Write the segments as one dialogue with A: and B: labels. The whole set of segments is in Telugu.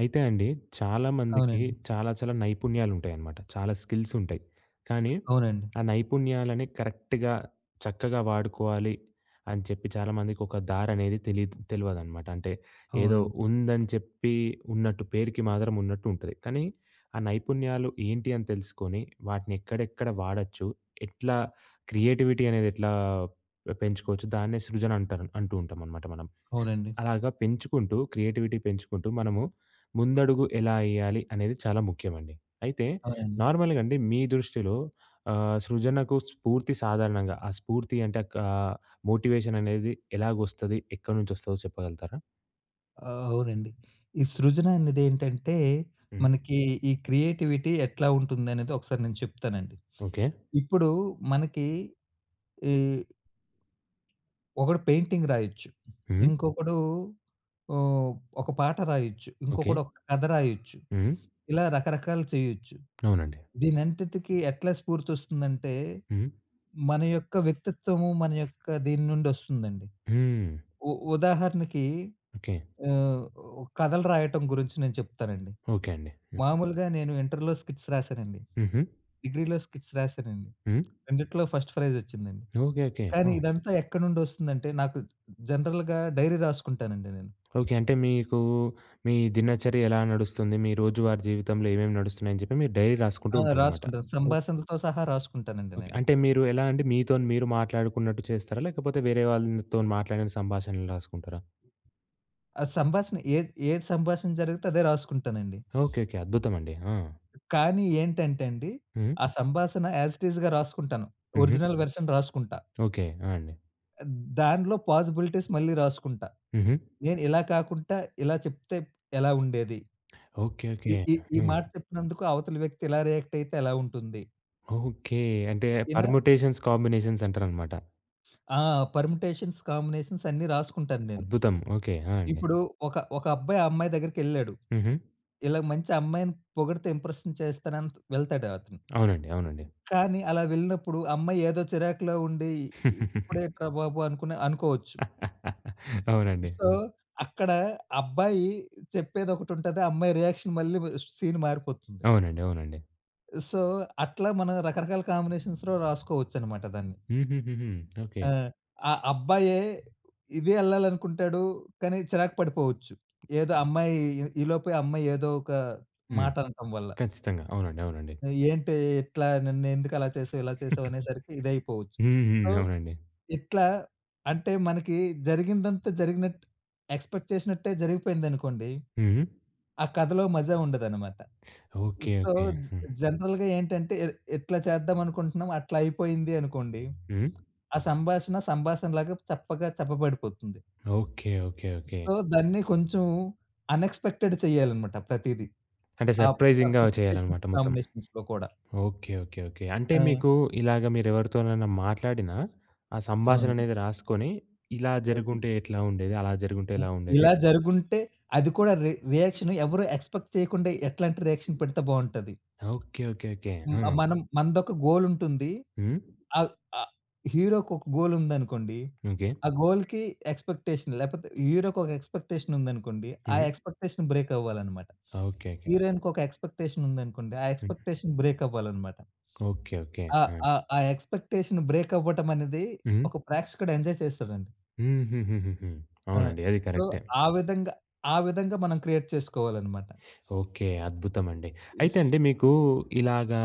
A: అయితే అండి, చాలా మందికి
B: అవునండి.
A: చాలా, చాలా నైపుణ్యాలుంటాయన్నమాట. చాలా స్కిల్స్ ఉంటాయి. కానీ,
B: అవునండి.
A: ఆ నైపుణ్యాలని కరెక్ట్‌గా చక్కగా వాడుకోవాలి అని చెప్పి చాలామందికొక దారనేది తెలీదు తెలవదనమాట. అంటే, ఏదో
B: అవునండి.
A: ఉందని చెప్పి ఉన్నట్టు పేరుకి మాత్రం ఉన్నట్టుంటుంది. కానీ, ఆ నైపుణ్యాలు ఏంటి అని తెలుసుకొని, వాటినెక్కడెక్కడ వాడచ్చు? ఎట్లా క్రియేటివిటీ అనేది ఎట్లా పెంచుకోవచ్చు? దాన్నే సృజన అంటారు అంటూ ఉంటాం అన్నమాట మనం.
B: అవునండి.
A: అలాగా పెంచుకుంటూ క్రియేటివిటీ పెంచుకుంటూ, మనము ముందడుగు ఎలా ఎయ్యాలి? అనేది చాలా ముఖ్యమండి. అయితే,
B: అవునండి.
A: నార్మల్‌గా అండి మీ దృష్టిలో ఆహ్, సృజనకు స్ఫూర్తి సాధారణంగా ఆ స్ఫూర్తి అంటే ఆహ్, మోటివేషన్ అనేది ఎలాగొస్తది? ఎక్కడి నుంచొస్తదదో చెప్పగలుగుతారా?
B: ఆ! అవునండి. ఈ సృజన అనేదేంటంటే
A: హ్మ్.
B: మనకి ఈ క్రియేటివిటీ ఎట్లా ఉంటుందనేది ఒకసారి నేను చెప్తానండి.
A: ఓకే.
B: ఇప్పుడు మనకి ఈ ఒకడు పెయింటింగ్ రాయొచ్చు.
A: హ్మ్.
B: ఇంకొకడు ఆహ్, ఒక పాట రాయొచ్చు.
A: ఓకే.
B: ఇంకొకడు ఒక కథ రాయొచ్చు.
A: హ్మ్.
B: ఇలా రకరకాలు చేయొచ్చు.
A: అవునండి.
B: దీనంతటికీ ఎట్లా స్ఫూర్తోస్తుందంటే,
A: హ్మ్.
B: మన యొక్క వ్యక్తిత్వము, మన యొక్క దీన్నుండి ఒస్తుందండి.
A: హ్మ్.
B: ఉ ఉదాహరణకి
A: ఓకే.
B: ఆహ్, కథలు రాయటం గురించి నేను చెప్తానండి.
A: ఓకే అండి. హ్మ్.
B: మామూలుగా నేను ఇంటర్‌లో స్కిట్స్ రాశానండి.
A: హుహు.
B: డిగ్రీలో స్కిట్స్ రాశానండి.
A: హ్మ్.
B: రెండిట్లో ఫస్ట్ ఫ్రైజ్ ఒచ్చిందండి.
A: Okay, okay.
B: కానీ
A: ఓహ్!
B: ఇదంతా ఎక్కడ్నుండొస్తుందంటే, నాకు జనరల్‌గా డైరీ రాసుకుంటానండి నేను.
A: ఓకే. అంటే, మీకు మీ దినచర్య ఎలా నడుస్తుంది? మీ రోజువారి జీవితంలో ఏమేమి నడుస్తున్నాయి? అని జెప్పి మీరు డైరీ రాసుకుంటూ
B: ఆ!
A: ఉంటారన్నమాట.
B: రాసుకుంటాను.
A: ఓహ్!
B: సంభాసణలతో సహా రాసుకుంటానండి నేను.
A: అంటే, మీరు ఎలా అండి? మీతోని మీరు మాట్లాడుకున్నట్టు చేస్తారా? లేకపోతే వేరే వాళ్ళతోని మాట్లాడిన సంభాషణలు రాసుకుంటారా?
B: ఆ! సంభాసణ ఏది, ఏది సంభాషణ జరిగితే అదే రాసుకుంటానండి.
A: Okay, okay. అద్భుతం అండి! ఆ!
B: కానీ, ఏంటంటే అండి,
A: హ్మ్.
B: ఆ సంభాసణ యాజ్ ఇట్ ఇజ్‌గా రాసుకుంటాను.
A: హుహు.
B: ఒరిజినల్ వర్షన్ రాసుకుంటా.
A: ఓకే. ఆ! అండి.
B: దాంట్లో పాసిబిలిటీస్ మళ్ళీ రాసుకుంటా.
A: హుహు.
B: నేను ఇలా కాకుంటా ఇలా చెప్తే ఎలా ఉండేది?
A: Okay, okay.
B: ఈ ఈ ఈ
A: హ్మ్.
B: మాట చెప్పినందుకు అవతల వ్యక్తి ఎలా రియాక్టయితే ఎలా ఉంటుంది?
A: ఓకే. అంటే
B: ఇనా
A: పర్ముటేషన్స్, కాంబినేషన్స్ అంటారన్నమాట.
B: ఆ పర్మిటేషన్స్, కాంబినేషన్స్ అన్నీ రాసుకుంటాను నేను.
A: అద్భుతం. ఓకే. ఆ! అండి.
B: ఇప్పుడు ఒక ఒక అబ్బాయి, అమ్మాయి దగ్గరికెళ్ళాడు.
A: హుహు.
B: ఇలా మంచి అమ్మాయిని పొగిడితే ఇంప్రెషన్ చేస్తానని వెళ్తాడు అతను.
A: అవునండి. అవునండి.
B: కానీ, అలా వెళ్ళినప్పుడు, ఆ అమ్మాయి ఏదో చిరాకులో ఉండి. ఇప్పుడేంట్రా బాబు అనుకునే అనుకోవచ్చు.
A: అవునండి.
B: సో
A: హ్మ్.
B: అక్కడ అబ్బాయి చెప్పేది ఒకటి ఉంటది, ఆ అమ్మాయి రియాక్షన్ మళ్ళీ వ సీన్ మారిపోతుంది.
A: అవునండి. అవునండి.
B: సో అట్లా మనం రకరకాల కాంబినేషన్స్‌లో రాసుకోవచ్చు అన్నమాట దాన్ని.
A: హుహుహుహు. ఓకే.
B: ఆ! ఆ అబ్బాయే ఇవే వెళ్ళాలనుకుంటాడు. కానీ, చిరాకు పడిపోవచ్చు. ఏదో అమ్మాయి ఈ ఈ లోపే అమ్మాయి ఏదో ఒక
A: హ్మ్.
B: మాట అనటం వల్ల.
A: ఖచ్చితంగా. అవునండి. అవునండి.
B: నువ్, "ఏంటి ఇట్లా నన్ను ఎందుకు అలా చేసావు. ఇలా చేసావు?" అనేసరికి ఇదైపోవచ్చు.
A: హ్మ్.
B: సో
A: హ్మ్. అవునండి.
B: ఇట్లా, అంటే మనకి జరిగిందంతా జరిగినట్టు ఎక్స్‌పెక్ట్ చేసినట్టే జరిగిపోయిందనుకోండి,
A: హ్మ్. హ్మ్.
B: ఆ కథలో మజా ఉండదన్నమాట.
A: ఓకే.
B: So
A: okay.
B: జ్
A: హ్మ్.
B: జనరల్‌గా ఏంటంటే, ఇ ఎట్లా చేద్దాం అనుకుంటున్నాం అట్లా అయిపోయింది, అనుకోండి.
A: హ్మ్.
B: ఆ సంభాషణ సంభాషణలాగా చప్పగా చప్పబడిపోతుంది.
A: ఓకే. ఓకే. ఓకే.
B: సో దాన్ని కొంచెం అన్ ఎక్స్‌పెక్టెడ్ చేయాలన్నమాట ప్రతీదీ.
A: అంటే
B: ఆ
A: సర్ప్రైజింగ్‌గా
B: పర్మిటేషన్స్,
A: చేయాలనమాట మొత్తం.
B: కాంబినేషన్స్‌లో కూడా
A: ఓకే. ఓకే. ఓకే. అంటే
B: ఆ!
A: మీకు ఇలాగ మీరెవరితోనైనా మాట్లాడిన, ఆ సంభాషణ
B: అవునండి.
A: అనేది రాసుకొని, ఇలా
B: ఓకే.
A: జరిగుంటే, ఎట్లా ఉండేది? అలా జరిగుంటే
B: హ్మ్.
A: ఎలా ఉండేది?
B: ఇలా జరిగుంటే అది కూడా రి రియాక్షన్ ఎవరు ఎక్స్‌పెక్ట్ చేయకుండా ఎట్లాంటి రియాక్షన్ పెడితే బాగుంటది?
A: ఓకే. ఓకే. ఓకే.
B: హ్మ్.
A: ఆ!
B: మనం మనదొక గోల్ ఉంటుంది.
A: హ్మ్.
B: ఆహ్, అ హీరోకొక గోల్ ఉందనుకోండి,
A: ఓకే.
B: ఆ గోల్‌కి ఎక్స్‌పెక్టేషన్ లేకపోతే హీరోకి ఒక ఎక్స్‌పెక్టేషన్ ఉందనుకోండి, ఆ
A: హుహు.
B: ఎక్స్‌పెక్టేషన్ బ్రేక్ అవ్వాలి అన్నమాట.
A: ఓకేకే.
B: హీరోయిన్‌కి ఒక ఎక్స్‌పెక్టేషన్ ఉందనుకోండి, ఆ
A: హ్మ్.
B: ఎక్స్‌పెక్టేషన్ బ్రేక్ అవ్వాలి అన్నమాట.
A: ఓకే. ఓకే.
B: ఆ
A: యాడ్
B: ఆ ఆ ఎక్స్‌పెక్టేషన్ బ్రేక్ అవ్వటం అనేది.
A: హ్మ్.
B: ఒక ప్రేక్షకుడు ఎంజాయ్ చేస్తాడండి.
A: హుహుహుహు.
B: ఆ!
A: అవునండి. అది
B: సో
A: కరెక్టే.
B: ఆ విధంగా ఆ విధంగా మనం క్రియేట్ చేసుకోవాలన్నమాట.
A: ఓకే. అద్భుతమండి. అయితే
B: ఉస్
A: అండి మీకు ఇలాగా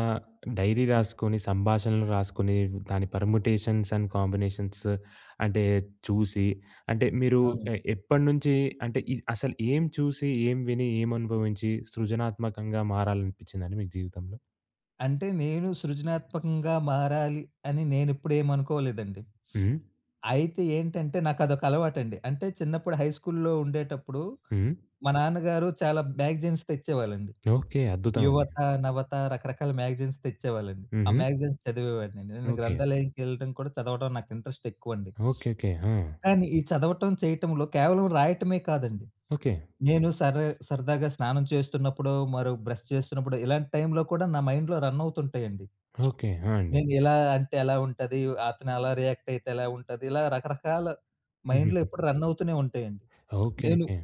A: డైరీ రాసుకొని, సంభాషణలు రాసుకొని, దాన్ని పర్ముటేషన్స్ అండ్ కాంబినేషన్స్ అంటే చూసి, అంటే మీరు
B: అవునండి.
A: ఎ ఎప్పటినుంచి అంటే ఇ అసలు ఏం చూసి? ఏం విని? ఏం అనుభవించి? సృజనాత్మకంగా మారాలని అనిపించిందండి మీకు జీవితంలో?
B: అంటే నేను సృజనాత్మకంగా మారాలి అని నేనెప్పుడేం అనుకోలేదండి.
A: హ్మ్.
B: అయితే ఏంటంటే నాకదొక అలవాటండి. అంటే చిన్నప్పుడు హై స్కూల్లో ఉండేటప్పుడు,
A: హ్మ్.
B: మా నాన్నగారు చాలా మ్యాగజైన్స్ తెచ్చేవాళ్ళండి.
A: ఓకే. అద్భుతమండి.
B: యువత, నవత రకరకాల మ్యాగజైన్స్ తెచ్చేవాళ్ళండి. ఆ
A: హుహు.
B: మ్యాగజైన్స్ చదివేవాడిని. నేను
A: ఓకే.
B: గ్రంథాలయంకెళ్ళడం కూడా చదవడం నాకు ఇంట్రెస్టెక్కువండి
A: ఓకే. ఓకే. ఆ!
B: కానీ ఈ చదవటం, చేయటంలో కేవలం రాయటమే కాదండి.
A: ఓకే.
B: నేను సరే సరదాగా స్నానం చేస్తున్నప్పుడో, మరి బ్రష్ చేస్తున్నప్పుడో ఇలాంటి టైంలో కూడా నా మైండ్‌లో రన్నవుతుంటయండి.
A: ఓకే. ఆ! అండి.
B: నేనిలా అంటే ఎలా ఉంటది? అతనలా రియాక్ట్ అయితే ఎలా ఉంటది? ఇలా రకరకాల మైండ్‌లో
A: హుహుహు.
B: ఎప్పుడు రన్నవుతూనే ఉంటాయండి.
A: ఓకే.
B: నేను
A: ఓకే.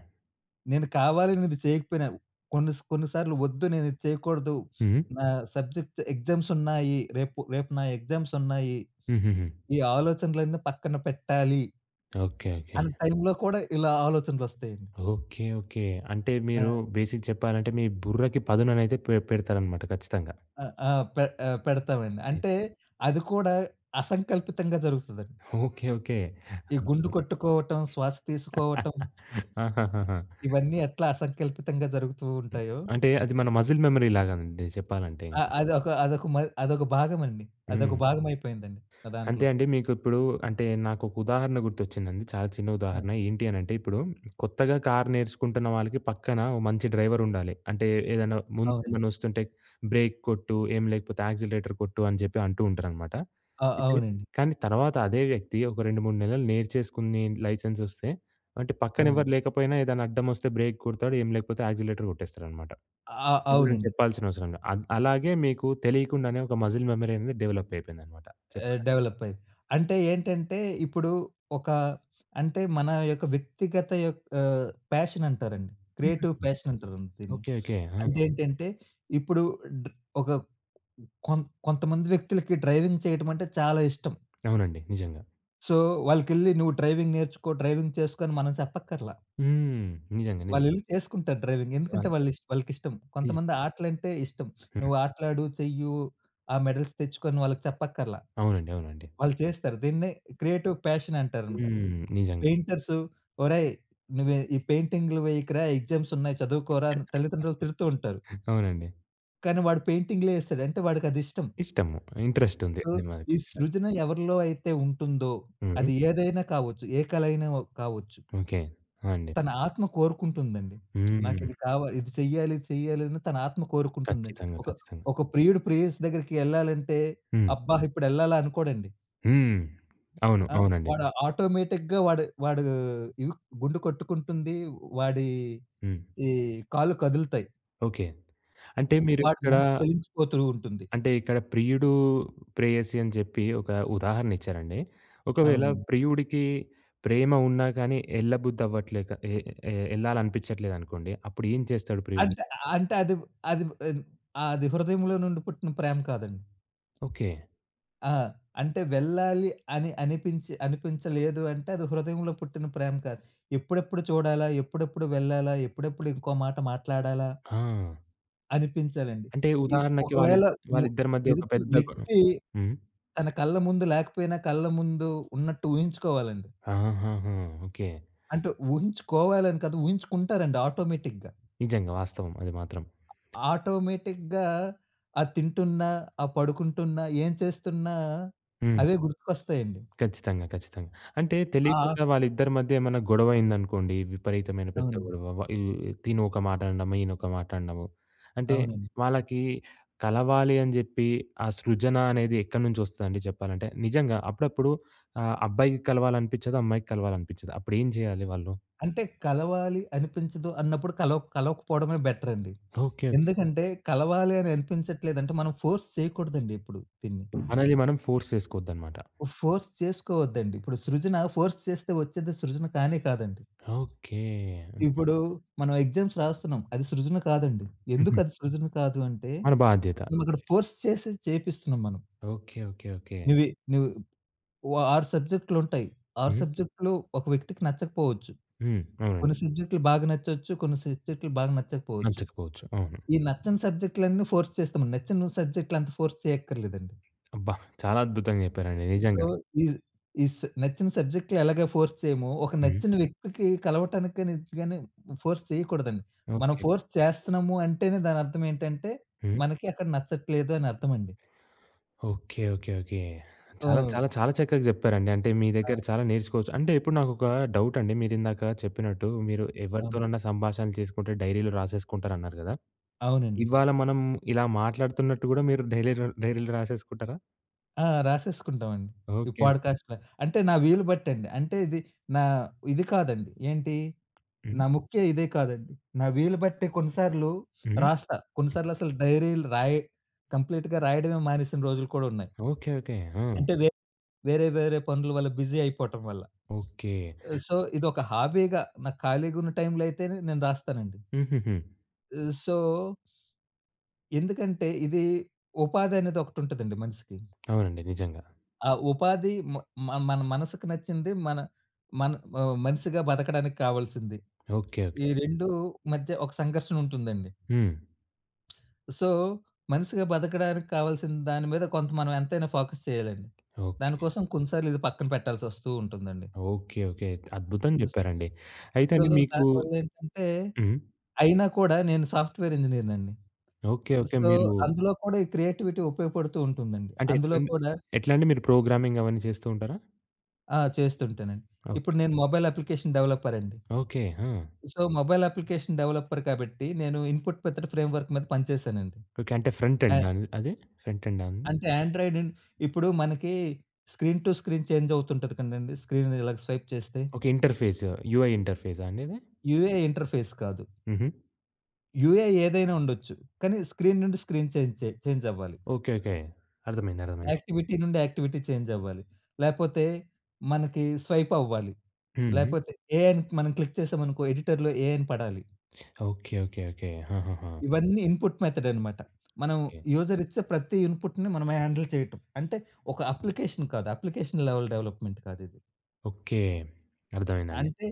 B: నేను కావాలని ఇది చేయకపోయినా, కొన్ని స కొన్ని సార్లు వద్దు నేను ఇది చేయకూడదు
A: హ్మ్.
B: నా సబ్జెక్ట్ ఎగ్జామ్సున్నాయి రేపు రేపు నా ఎగ్జామ్సున్నాయి.
A: హుహుహు.
B: ఈ ఆలోచనలన్నీ పక్కన పెట్టాలి
A: ఓకే. ఓకే.
B: అన్న టైంలో కూడా ఇలా ఆలోచనలొస్తాయండి.
A: ఓకే. ఓకే. అంటే
B: ఆ!
A: మీరు బేసిక్‌ చెప్పాలంటే మీ బుర్రకి పదుననేది పె పెడతారన్నమాట ఖచ్చితంగా.
B: ఆ! ఆహ్, పె ఆహ్, పెడతామండి.
A: అత్
B: అంటే అది కూడా అసంకల్పితంగా జరుగుతదండి.
A: ఓకే.
B: ఈ గుండు
A: ఓకే.అద్బుతం.
B: కొట్టుకోవటం, శ్వాస తీసుకోవటం.
A: ఆహాహాహా!
B: ఇవన్నీ ఎట్లా అసంకల్పితంగా జరుగుతూ
A: హ్మ్.
B: ఉంటాయో
A: అంటే అది మన మజిల్ మెమరీ లాగానండి చెప్పాలంటే ఇంక.
B: ఆహ్, అదొక అదొక మ అదొక భాగమండి. అదొక
A: హ్మ్.
B: భాగమైపోయిందండి నా
A: అంతే
B: దాంట్లో.
A: అండి. మీకు ఇప్పుడు అంటే నాకొక ఉదాహరణ గుర్తొచ్చిందండి. చాలా చిన్న
B: ఆ!
A: ఉదాహరణ. ఏంటి అనంటే ఇప్పుడు కొత్తగా కారు నేర్చుకుంటున్న వాళ్ళకి పక్కన ఓ మంచి డ్రైవరుండాలి. అంటే ఏదైనా ముందు
B: అవునండి.
A: ఏమైనా వస్తుంటే బ్రేక్ కొట్టు, ఏం లేకపోతే యాక్సిలరేటర్ కొట్టు అని జెప్పి అంటూ ఉంటారనమాట.
B: ఆ!
A: అయితే
B: అవునండి.
A: కానీ తర్వాత అదే వ్యక్తి ఒక 2, 3 నెలలు నేర్చేసుకుని లైసెన్సొస్తే, అంటే పక్కన ఎవ్వరు
B: అవును.
A: లేకపోయినా ఏదైనా అడ్డమొస్తే బ్రేక్ కొడతాడు, ఏం లేకపోతే యాక్సిలేటర్ గొట్టేస్తాడనమాట.
B: ఆ!
A: ఎవ్వరేం
B: అవునండి.
A: చెప్పాల్సిన అవసరంలా. అ అలాగే మీకు తెలియకుండానే ఒక మజిల్ మెమరీ అనేది డెవలపయిపోయిందనమాట
B: ఆ!
A: చెప్పాలంటే.
B: డెవలపయ్యింది. అంటే ఏంటంటే ఇప్పుడు ఒక అంటే మన యొక్క వ్యక్తిగత యొక్క ప్యాషన్ అంటారండి. క్రియేటివ్
A: పరిస్థితి.
B: ప్యాషన్ అంటారండి దీన్ని.
A: ఓకే. ఓకే. ఆ!
B: అంటే, ఏంటంటే ఇప్పుడు డ ఒక కొం కొంతమంది వ్యక్తులకి డ్రైవింగ్ చేయడమంటే చాలా ఇష్టం.
A: అవునండి. నిజంగా.
B: సో, వాళ్ళకెళ్లి నువ్వు డ్రైవింగ్ నేర్చుకో డ్రైవింగ్ చేసుకో అని మనం చెప్పక్కర్లా.
A: హ్మ్. నిజంగా నిజం.
B: వాళ్ళెళ్లి చేసుకుంటారు డ్రైవింగ్. ఎందుకంటే
A: వాల్
B: వాళ్ళిష్ వాళ్ళకిష్టం.
A: నిజం.
B: కొంతమంది ఆటలంటే ఇష్టం.
A: హ్మ్.
B: నువ్వు ఆటలాడు చెయ్యు ఆ మెడల్స్ తెచ్చుకొ అని వాళ్ళకి చెప్పక్కర్లా.
A: అవునండి. అవునండి.
B: వాళ్ళు చేస్తారు దీన్నే క్రియేటివ్ ప్యాషన్ అంటారన్నమాట.
A: హ్మ్. నిజంగా.
B: పెయింటర్స్, ఒరేయ్ నువ్వే, ఈ పెయింటింగులు వేయకురా ఎగ్జామ్స్ ఉన్నాయి చదువుకోరా అని తల్లిదండ్రులు తిడుతూ ఉంటారు.
A: అవునండి.
B: కానీ వాడు పెయింటింగులే ఏస్తాడు అంటే వాడికదిష్టం.
A: ఇష్టము. ఇంట్రెస్టుంది.
B: ఓహ్!
A: దానిమీద
B: ఈ
A: ఖచ్చితంగా.
B: సృజన ఎవరిలో అయితే ఉంటుందో
A: హ్మ్.
B: అది ఏదైనా కావచ్చు, ఏ కలైన వ కావచ్చు.
A: ఓకే. ఆ! అండి.
B: తన ఆత్మ కోరుకుంటుందండి.
A: హ్మ్.
B: నాకిది కావాలి ఇది చెయ్యాలి, ఇది చెయ్యాలి అని తన ఆత్మ కోరుకుంటుందండి.
A: ఖాచ్చితంగా,
B: ఒక
A: ఖచ్చితంగా.
B: ఒక ప్రియుడు ప్రేయసి దెగ్గరికి ఎళ్ళాలంటే
A: హ్మ్.
B: అబ్బా! ఇప్పుడెళ్ళాలా అనుకోడండి.
A: హ్మ్. అవును,
B: ఆ!
A: అవునండి.
B: వాడు ఆటోమేటిక్‌గా వాడు వాడూ ఈ గుండు కొట్టుకుంటుంది. వాడి,
A: హ్మ్.
B: ఈ కాళ్ళు కదులుతాయి.
A: ఓకే. అంటే
B: వాడు
A: మీరిక్కడ
B: మనసు చలించిపోతూ ఉంటుంది.
A: అంటే, ఇక్కడ ప్రియుడు, ప్రేయసి అని జెప్పి ఒక ఉదాహరణిచ్చారండి. ఒకవేళ
B: అవునండి.
A: ప్రియుడికి ప్రేమ ఉన్న కానీ ఎళ్ళబుద్ధవ్వట్లేక ఎ-ఎ ఎళ్ళాలనిపిచ్చట్లేదనుకోండి అప్పుడేం చేస్తాడు ప్రియుడు?
B: అంటే అంటే అది అది అ అది హృదయంలో నుండి పుట్టిన ప్రేమ కాదండి.
A: ఓకే.
B: ఆ! అంటే వెళ్ళాలి అని అనిపించి అనిపించలేదు అంటే అది హృదయంలో పుట్టిన ప్రేమ కాదు. ఎప్పుడెప్పుడు చూడాలా? ఎప్పుడెప్పుడు వెళ్ళాలా? ఎప్పుడెప్పుడు ఇంకో మాట మాట్లాడాలా
A: ఆ!
B: అనిపించాలండి.
A: అంటే,
B: ఈ
A: ఉదాహరణకి
B: ఒకవేళ
A: వాళ్ళిద్
B: ము
A: వాళ్ళిద్దరి మధ్య ఒక
B: ఎదుటి
A: పెద్ద గొ
B: వ్యక్తి
A: హ్మ్.
B: తన కళ్ల ముందు లేకపోయినా, కళ్ల ముందు ఉన్నట్టు ఊహించుకోవాలండి.
A: ఆహాహాహా! ఓకే.
B: అంటు ఊహించుకోవాలని కాదు, ఊహించుకుంటారండి ఆటోమేటిక్‌గా.
A: నిజంగా వాస్తవం అది మాత్రం.
B: ఆటోమేటిక్‌గా అది తింటున్నా, ఆహ్, పడుకుంటున్నా, ఏం చేస్తున్నా
A: హ్మ్.
B: అవే గుర్తుకొస్తాయండి.
A: ఖచ్చితంగా, ఖచ్చితంగా. అంటే,
B: ఆ!
A: తెలీకుండా వాళ్ళిద్దరి మధ్య ఏమైనా గొడవయిందనుకోండి, విపరీతమైన పెద్ద
B: అవునండి.
A: గొడవ, వ ఈ తినొక మాట అనడము, ఈయనొక మాట అనడము. అంటే,
B: అవునండి.
A: వాళ్ళకి కలవాలి అని జెప్పి ఆ సృజన అనేది ఎక్కడి నుంచి వస్తుందండి జెప్పాలంటే? నిజంగా, అప్పుడప్పుడు ఆహ్, అబ్బాయికి కలవాలనిపిచ్చదు, అమ్మాయికి కలవాలనిపిచ్చదు. అప్పుడు ఏం జేయాలి వాళ్ళు?
B: అంటే, కలవాలి అనిపించదు అన్నప్పుడు కలవక్ కలవకపోవడమే బెటరండి.
A: Okay, okay.
B: ఎందుకంటే, కలవాలి అని అనిపించట్లేదంటే మనం ఫోర్స్ చేయకూడదండి ఎప్పుడు దీన్ని.
A: మనల్ని మనం ఫోర్స్ చేసుకోవద్దన్నమాట.
B: ఫోర్స్ చేసుకోవద్దండి. ఇప్పుడు సృజన ఫోర్స్ చేస్తే వచ్చేది సృజన కానే కాదండి.
A: ఓకే. హ్మ్.
B: ఇప్పుడు మనం ఎగ్జామ్స్ రాస్తున్నాం. అది సృజన కాదండి. ఎందుకు
A: హుహు.
B: అది సృజన కాదు అంటే,
A: మన బాధ్యత.
B: మనం అక్కడ ఫోర్స్ చేసి చేపిస్తున్నాం మనం.
A: Okay, okay, okay.
B: నువ్వీ నువ్ ఓ 6 సబ్జెక్టులుంటాయి. 6
A: హ్మ్.
B: సబ్జెక్టులు ఒక వ్యక్తికి నచ్చకపోవచ్చు.
A: హ్మ్. అవునండి.
B: కొన్ని సబ్జెక్టులు బాగా నచ్చొచ్చు. కొన్ని సబ్జెక్టులు బాగా నచ్చకపోవచ్చు.
A: నచ్చకపోవచ్చు. అవును.
B: ఈ నచ్చని సబ్జెక్టులన్నీ ఫోర్స్ చేస్తాం. నచ్చిన సబ్జెక్టులంత ఫోర్స్ చేయక్కర్లేదండి.
A: అబ్బా! చాలా అద్భుతంగా చెప్పారండి
B: సో,
A: నిజంగా.
B: ఈ ఈ స్ నచ్చిన సబ్జెక్టులెలాగా ఫోర్స్ చేయమో, ఒక
A: హ్మ్.
B: నచ్చిన వ్యక్తికి కలవటానికి గానీ, ఇది గాని ఫోర్స్ చేయకూడదండి. మనం
A: ఓకే.
B: ఫోర్స్ చేస్తున్నాము అంటేనే దానర్థమేంటంటే,
A: హ్మ్.
B: మనకి అక్కడ నచ్చట్లేదు అని అర్థమండి.
A: Okay, okay, okay. చాలా,
B: ఆ!
A: చాలా, చాలా చక్కగా చెప్పారండి. అంటే, మీ
B: ఆ!
A: దగ్గర చాలా నేర్చుకోవచ్చు. అంటే, ఇప్పుడు నాకొక డౌటండి. మీరు ఇందాక చెప్పినట్టు, మీరు
B: అవును.
A: ఎవరితోనైనా సంభాషణలు చేసుకుంటే డైరీలో రాసేసుకుంటారు అన్నారు కదా!
B: అవునండి.
A: ఇవాళ మనం ఇలా మాట్లాడుతున్నట్టు కూడా మీరు డైరీరో డైరీలో రాసేసుకుంటారా?
B: ఆ! రాసేసుకుంటామండి ఈ
A: ఓకే. ఓకే.
B: పాడ్‌కాస్ట్‌లని. అంటే, నా వీలు బట్టండి. అంటే, ఇది నా ఇది కాదండి. ఏంటి?
A: హ్మ్.
B: నా ముఖ్య ఇదే కాదండి. నా వీలు బట్టే కొన్నిసార్లు
A: హ్మ్.
B: రాస్తా.
A: హ్మ్.
B: కొన్నిసార్లసలు డైరీలు రాయి కంప్లీట్‌గా రాయడమే మానేసిన రోజులు కూడా ఉన్నాయి.
A: ఓకే. ఓకే. ఆ!
B: అంటే, వే వేరే వేరే పనుల వల్ల బిజీ అయిపోటం వల్ల.
A: ఓకే.
B: ఆహ్, సో, ఇదొక హాబీగా నాకు ఖాళీగున్న టైంలో అయితేనే నేను రాస్తానండి.
A: హుహుహు.
B: ఆహ్, సో ఎందుకంటే, ఇది ఉపాధనేది ఒకటుంటదండి మనిసికి.
A: అవునండి. నిజంగా.
B: ఆ! ఉపాధి మ మ మన మనసుకు నచ్చింది, మన మనము మనిసిగా బ్రతకడానికి కావాల్సింది,
A: ఓకే.
B: ఈ
A: ఓకే.
B: 2 మధ్య ఒక సంఘర్షణ ఉంటుందండి.
A: హ్మ్.
B: సో, మనిసిగా బతకడానికి కావాల్సిన దాని మీద కొంత మనం ఎంతైనా ఫోకస్ చేయాలండి.
A: ఓకే.
B: దానికోసం కొన్నిసార్లు ఇది పక్కన పెట్టాల్సొస్తూ ఉంటుందండి.
A: ఓకే, ఓకే అయితే. అద్భుతంగా
B: స్
A: జెప్పారండి. అయితే
B: సో,
A: అండి మీకు
B: దానివల్లేంటంటే
A: హ్మ్.
B: అయినా కూడా నేను సాఫ్ట్‌వేర్ ఇంజినీర్ నండి.
A: ఓకే. ఓకే.
B: సో,
A: మీరు
B: అందులో కూడా ఈ క్రియేటివిటీ ఉపయోగపడుతూ ఉంటుందండి.
A: అంటే,
B: అందులో
A: ఎట్లండి?
B: కూడా
A: ఎట్లండి? మీరు ప్రోగ్రామింగ్ అవన్నీ చేస్తూ ఉంటారా?
B: ఆ! చేస్తుంటానండి.
A: ఓకే.
B: ఇప్పుడు నేను మొబైల్ అప్లికేషన్ డెవలపరండి.
A: ఓకే. ఆ!
B: సో మొబైల్ అప్లికేషన్ డెవలపర్ కాబట్టి నేను ఇన్పుట్ మెథడ్ ఫ్రేమ్వర్క్ మీద పని చేసానండి.
A: ఓకే. అంటే ఫ్రంట్
B: ఆ!
A: ఎండా అండి అది? ఫ్రంట్ ఎండా?
B: అంటే ఆండ్రాయిడ్ ఇప్పుడు మనకి స్క్రీన్ టు స్క్రీన్ చేంజవుతుంటది కదండీ. స్క్రీన్ ఇలా స్వైప్ చేస్తే.
A: ఓకే. ఇంటర్ఫేస్. యూఐ ఇంటర్ఫేసా అండి ఇది?
B: యూఐ ఇంటర్ఫేస్ కాదు.
A: హుహు.
B: యూఐ ఏదైనా ఉండొచ్చు. కానీ స్క్రీన్ నుండి స్క్రీన్ చేంజ్ చేంజవ్వాలి.
A: ఓకే. ఓకే. అర్థమైంది. అర్థమైంది.
B: యాక్టివిటీ నుండి యాక్టివిటీ చేంజవ్వాలి. లేకపోతే మనకి స్వైప్ అవ్వాలి.
A: [unintelligible]
B: లేకపోతే ఏ అని మనం క్లిక్ చేసామనుకో. ఎడిటర్‌లో ఏ అని పడాలి.
A: ఓకే. ఓకే. ఓకే. ఆహాహా!
B: ఇవన్నీ ఇన్పుట్ మెథడ్ అన్నమాట. మనం
A: హ్మ్.
B: యూజర్ ఇచ్చే ప్రతి ఇన్పుట్‌ని మనము హ్యాండిల్ చేయటం. అంటే ఒక అప్లికేషన్ కాదు. అప్లికేషన్ లెవెల్ డెవలప్మెంట్ కాదిది.
A: ఓకే. అర్థమైందండి.
B: అంటే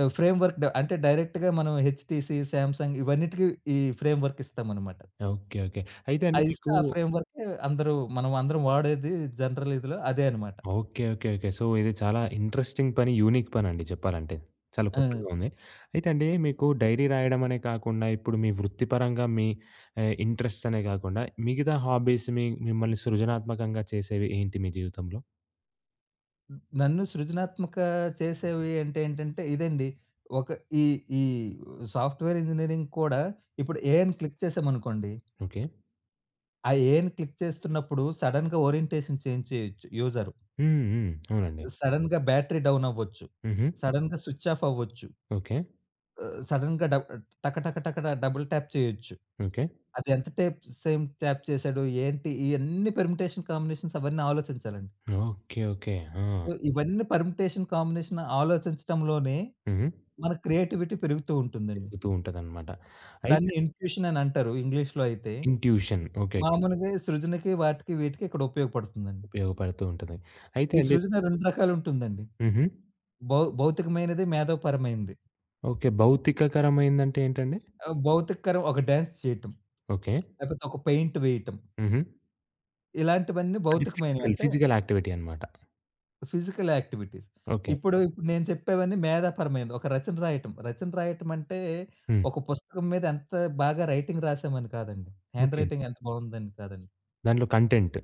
B: ఆ ఫ్రేమ్‌వర్క్ అంటే డైరెక్ట్‌గా మనం 'హెచ్‌టిసి', 'సామ్సంగ్' ఇవన్నిటికి ఈ ఫ్రేమ్ వర్క్ ఇస్తాం అన్నమాట.
A: ఓకే. ఓకే. అయితే అండి
B: అది
A: మీకు
B: ఇస్తే ఆ ఫ్రేమ్వర్క్ అందరు మనం అందరం వాడేది జనరల్ ఇదిలో అదే అన్నమాట.
A: ఓకే. ఓకే. ఓకే. సో ఇది చాలా ఇంట్రెస్టింగ్ పని. యూనిక్ పనండి చెప్పాలంటే. చాలా
B: హ్మ్.
A: కొత్తగా ఉంది. అయితే అండి మీకు డైరీ రాయడం అనే కాకుండా. ఇప్పుడు మీ వృత్తి పరంగా మీ ఆహ్, ఇంట్రెస్ట్‌స్ అనే కాకుండా. మిగతా హాబీస్ మీ మిమ్మల్ని సృజనాత్మకంగా చేసేవి ఏంటి మీ జీవితంలో?
B: హ్మ్. నన్ను సృజనాత్మక చేసేవి అంటే ఏంటంటే, ఇదండి. ఒక ఈ ఈ సాఫ్ట్ వేర్ ఇంజినీరింగ్ కూడా ఇప్పుడు 'ఏ' అని క్లిక్ చేసామనుకోండి.
A: ఓకే.
B: ఆ ఏని క్లిక్ చేస్తున్నప్పుడు, సడెన్‌గా ఓరియంటేషన్ చేంజ్ చేయొచ్చు, యూజరు.
A: హ్మ్, హ్మ్, అవునండి.
B: సడెన్‌గా బ్యాటరీ డౌన్ అవ్వచ్చు.
A: హుహు.
B: సడెన్‌గా స్విచ్ ఆఫ్ అవ్వచ్చు.
A: ఓకే.
B: ఆహ్, ఆహ్, సడెన్‌గా డ టక టక టక డబుల్ టాప్ చేయొచ్చు.
A: ఓకే.
B: అది ఎంత టేప్ సేపు టాప్ చేశాడు, ఏంటి ఇవన్నీ పెర్మిటేషన్ కాంబినేషన్స్ అవన్నీ ఆలోచించాలండి.
A: Okay, okay. ఆ!
B: సో, ఇవన్నీ పెర్మిటేషన్ కాంబినేషన్స్ ఆలోచించడంలోనే,
A: హుహు.
B: మన క్రియేటివిటీ పెరుగుతూ ఉంటుందండి.
A: పెరుగుతూ ఉంటదన్నమాట. అయితే
B: దాన్ని ఇన్‌ట్యూషన్ అని అంటారు ఇంగ్లీష్‌లో అయితే.
A: ఇన్‌ట్యూషన్. ఓకే.
B: మామూలుగా సృజనకి, వాటికి, వీటికి ఇక్కడ ఉపయోగపడుతుందండి.
A: ఉపయోగపడుతూ ఉంటుంది, అయితే
B: ఈ
A: అండి
B: సృజన 2 రకాలు ఉంటుందండి.
A: హుహు.
B: భౌ భౌతికమైనది, మేధోపరమైనది.
A: ఓకే. భౌతికకరమైంది అంటే ఏంటండి?
B: ఆహ్, భౌతికకరం ఒక డాన్స్ చేయటం,
A: ఓకే.
B: లేకపోతే ఒక పెయింట్ వేయటం.
A: హుహు.
B: ఇలాంటివన్నీ
A: అంటే
B: భౌతికమైనవి.
A: ఫిజికల్,
B: అంటే
A: ఫిజికల్ యాక్టివిటీ అన్నమాట.
B: Physical activities.
A: ఓకే.
B: ఇప్పుడు నేను చెప్పేవన్నీ మేధాపరమైనది. ఒక రచన రాయటం, రచన రాయటం అంటే
A: హ్మ్.
B: ఒక పుస్తకం మీద ఎంత బాగా రైటింగ్ రాసాము అని కాదండి.
A: ఓకే.
B: హ్యాండ్‌‌రైటింగ్ ఎంత బావుందని కాదండి.
A: దాంట్లో కంటెంట్.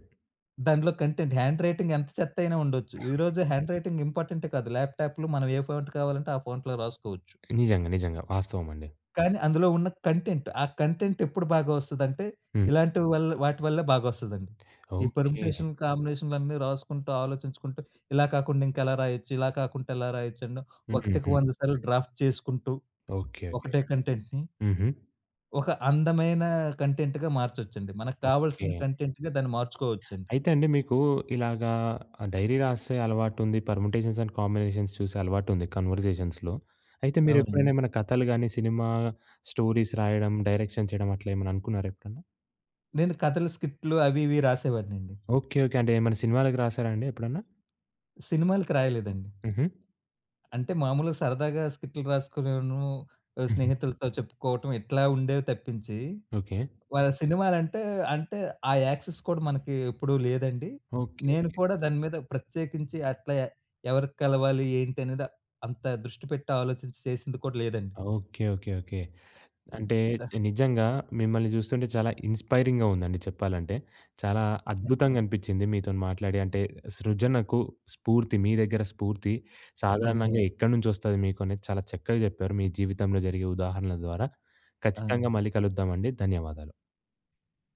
B: దానిలో కంటెంట్, హ్యాండ్ రైటింగ్ ఎంత చెత్తయినా ఉండొచ్చు. ఈరోజు హ్యాండ్ రైటింగ్ ఇంపార్టెంటే కాదు. ల్యాప్‌టాప్‌లో మనం ఏ ఫాంట్ కావాలంటే ఆ ఫాంట్‌లో రాసుకోవచ్చు.
A: నిజంగా. వాస్తవమండి.
B: కానీ అందులో ఉన్న కంటెంట్, ఆ కంటెంటెప్పుడు బాగా వస్తదంటే,
A: హ్మ్.
B: ఇలాంటి వల్ వాటి వల్లే బాగొస్తదండి. ఈ
A: ఓకే.
B: పర్ముటేషన్, కాంబినేషన్లన్నీ రాసుకుంటూ ఆలోచించుకుంటూ ఇలా కాకుండా ఇంకా ఎలా రాయొచ్చు? ఇలా కాకుంటే ఎలా రాయొచ్చు? అండ్ ఒకటికి
A: హుహుహు.
B: వంద సార్లు డ్రాఫ్ట్ చేసుకుంటూ
A: ఓకే. ఓకే.
B: ఒకటే కంటెంట్‌ని
A: హుహు.
B: ఒక అందమైన కంటెంట్‌గా మార్చొచ్చండి. మనకు కావాల్సిన
A: ఓకే.
B: కంటెంట్‌గా దాన్ని మార్చుకోవచ్చండి.
A: అయితే అండి. మీకు ఇలాగా ఆహ్, డైరీ రాసే అలవాటుంది పర్ముటేషన్స్ అండ్ కాంబినేషన్స్ చూసే అలవాటుంది కన్వర్జేషన్స్‌లో. అయితే మీరెప్పుడైనా
B: అవునండి.
A: ఏమైనా కథలు గాని, సినిమా స్టోరీస్ రాయడం, డైరెక్షన్ చేయడం అట్లేమన్నా అనుకున్నారా ఎప్పుడన్నా?
B: నేను కథలు, స్క్రిప్ట్లు అవి ఇవీ రాసేవాడిని అండి.
A: ఓకే. ఓకే. అంటే ఏమైనా సినిమాలకి రాసారా అండి ఎప్పుడన్నా?
B: సినిమాలకు రాయలేదండి.
A: హుహు.
B: అంటే మామూలుగా సరదాగా స్క్రిప్ట్లు రాసుకునేను ఆహ్,
A: హుహు.
B: స్నేహితులతో చెప్పుకోవడం ఇట్లా ఉండేవి తప్పించి,
A: ఓకే.
B: వాళ్ళ సినిమాలంటే అంటే ఆ యాక్సెస్ కూడా మనకి ఎప్పుడు లేదండి.
A: ఓకే.
B: నేను
A: ఓకే.
B: కూడా దాని మీద ప్రత్యేకించి అట్లా ఎ ఎవరికి కలవాలి? ఏంటి? అనేది అంత దృష్టి పెట్టి ఆలోచించి చేసింది కూడా లేదండి.
A: ఓకే. ఓకే. ఓకే. అంటే
B: ద
A: నిజంగా మిమ్మల్ని చూస్తుంటే చాలా ఇన్స్పైరింగ్‌గా ఉందండి చెప్పాలంటే. చాలా అద్భుతంగనిపించింది మీతోని మాట్లాడి, అంటే సృజనకు స్ఫూర్తి మీ దగ్గర స్ఫూర్తి సాధారణంగా
B: ధన్యవా
A: ఎక్కడి నుంచొస్తది మీకు? అనేది చాలా చక్కగా చెప్పారు మీ జీవితంలో జరిగే ఉదాహరణల ద్వారా. ఖచ్చితంగా
B: ఆ!
A: మళ్ళీ కలుద్దామండి. ధన్యవాదాలు.